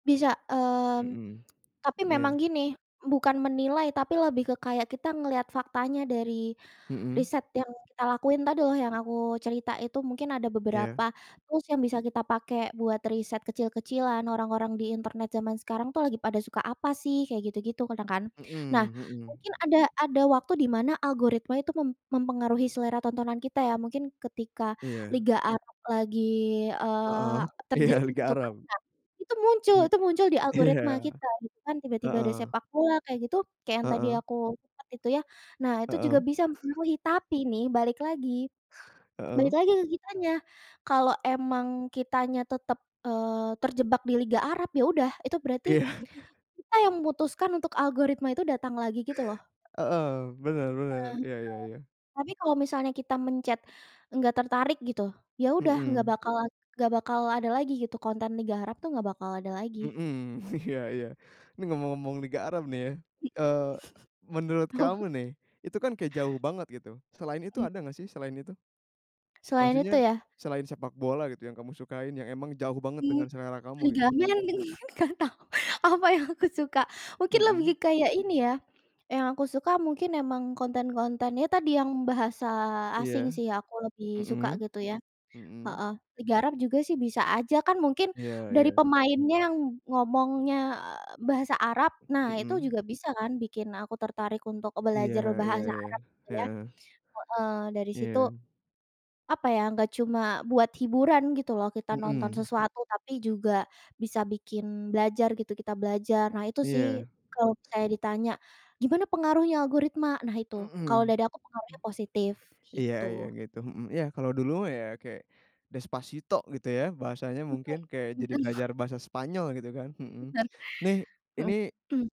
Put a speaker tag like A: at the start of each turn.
A: Bisa. Mmm,
B: Mmm.
A: tapi memang
B: Iya.
A: gini, bukan menilai, tapi lebih ke kayak kita ngelihat faktanya dari
B: Mmm.
A: riset yang kita lakuin tadi, loh, yang aku cerita, itu mungkin ada
B: Iya.
A: beberapa tools yang bisa kita pakai buat riset kecil-kecilan, orang-orang di internet jaman sekarang, tuh, lagi pada suka apa, sih, kayak gitu-gitu, kadang, kan. Nah,
B: Mmm, mhm.
A: mungkin ada ada waktu di mana algoritma itu mem mempengaruhi selera tontonan kita, ya. Mungkin, ketika
B: Iya.
A: Liga Arab lagi, eee,
B: Heeh, iya,
A: terjadi,
B: Liga
A: gitu, kan,
B: Arab.
A: nah, itu muncul
B: Hmm,
A: itu muncul di algoritma
B: Iya.
A: kita, gitu, kan. Tiba-tiba ada
B: Heeh.
A: sepak bola, kayak gitu, kayak yang tadi
B: Heeh.
A: aku lihat itu, ya. Nah, itu juga
B: Mmm.
A: bisa mempengaruhi. Tapi, nih, balik lagi.
B: Heeh.
A: Balik lagi ke kitanya. Kalau emang kitanya tetap, eee, terjebak di Liga Arab, ya udah, itu berarti,
B: Iya.
A: kita yang memutuskan untuk algoritma itu datang lagi gitu loh.
B: Heeh, benar
A: Nah,
B: benar.
A: betul.
B: Iya iya iya.
A: Tapi, kalau misalnya kita mencet enggak tertarik, gitu. Ya udah, nggak
B: Mmm.
A: bakalan nggak bakal ada lagi, gitu. Konten Liga Arab, tuh, nggak bakal ada lagi.
B: Mmm, iya iya. Ini ngomong-ngomong Liga Arab, nih, ya. Eee, menurut
A: Apa?
B: kamu, nih. Itu, kan, kayak jauh banget, gitu. Selain itu
A: Mmm.
B: ada nggak, sih, selain itu?
A: Selain
B: Maksudnya,
A: itu, ya?
B: selain sepak bola, gitu, yang kamu sukain yang emang jauh banget
A: Mmm,
B: dengan selera kamu, gitu.
A: ligamen? Nggak tau. Apa yang aku suka. Mungkin lebih
B: Mhm.
A: kayak ini, ya. Yang aku suka mungkin emang konten-konten, ya tadi, yang bahasa asing,
B: Iya,
A: sih, yang aku lebih suka,
B: mmm,
A: gitu, ya.
B: mmm.
A: Heeh. Liga Arab juga, sih, bisa aja. Kan, mungkin,
B: Iya
A: dari
B: iya.
A: pemainnya yang ngomongnya, eee, bahasa Arab, nah, itu
B: Mmm.
A: juga bisa, kan, bikin aku tertarik untuk e
B: Iya
A: belajar
B: iya
A: bahasa
B: iya.
A: Arab, gitu ya.
B: Heeh.
A: Heeh, dari situ
B: Iya.
A: apa, ya, nggak cuma buat hiburan, gitu loh, kita nonton
B: Mmm.
A: sesuatu. Tapi juga bisa bikin belajar, gitu, kita belajar. Nah, itu sih,
B: Iya.
A: kalau misalnya ditanya, "Gimana pengaruhnya algoritma?" Nah, itu.
B: Mmm.
A: Kalau dari aku pengaruhnya positif.
B: Iya iya,
A: Gitu.
B: gitu, mmm. Iya, kalau dulu, ya, kayak Despacito, gitu, ya, bahasanya, mungkin. Kayak
A: Mmm.
B: jadi belajar bahasa Spanyol, gitu, kan, mhm.
A: Benar.
B: Nih,
A: Mhm.
B: ini